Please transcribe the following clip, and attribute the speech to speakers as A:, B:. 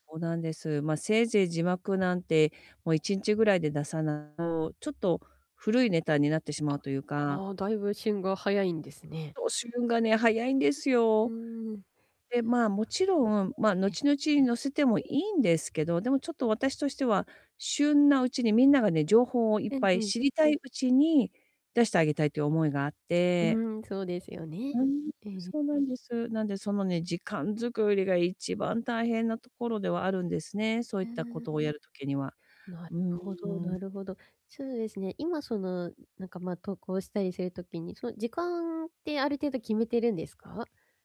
A: そうなんです。まあ、せいぜい字幕なんて、もう1日ぐらいで出さな [unintelligible] と、ちょっと古いネタになってしま
B: あ。
A: うというか
B: ああ、だいぶ旬が早いんですね。
A: そう、旬がね早いんです
B: う
A: よ。
B: んうん。
A: で、まあ、もちろん、まあ、
B: ええ。
A: 後々、載せてもいいんですけど、でも、ちょっと、私としては、旬なうちにみんながね、情報をいっ
B: うん
A: ぱ
B: う
A: い
B: ん。
A: 知りたいうちに出してあげたいっていう思いがあっ
B: う
A: て。
B: ーん、そうですよね。
A: うーん、
B: うん。
A: そうなんです。なんで、そのね、時間作りが一番大変なところではあるんですね、そうい
B: う
A: っ
B: ー
A: たこ
B: ん。
A: とをやる時には。
B: なる
A: う
B: ほ
A: ー
B: ど
A: ん。
B: なるほど。そうですね、今その、なんか、まあ、投稿したりする時に、そ時間ってある程度決めてるんですか？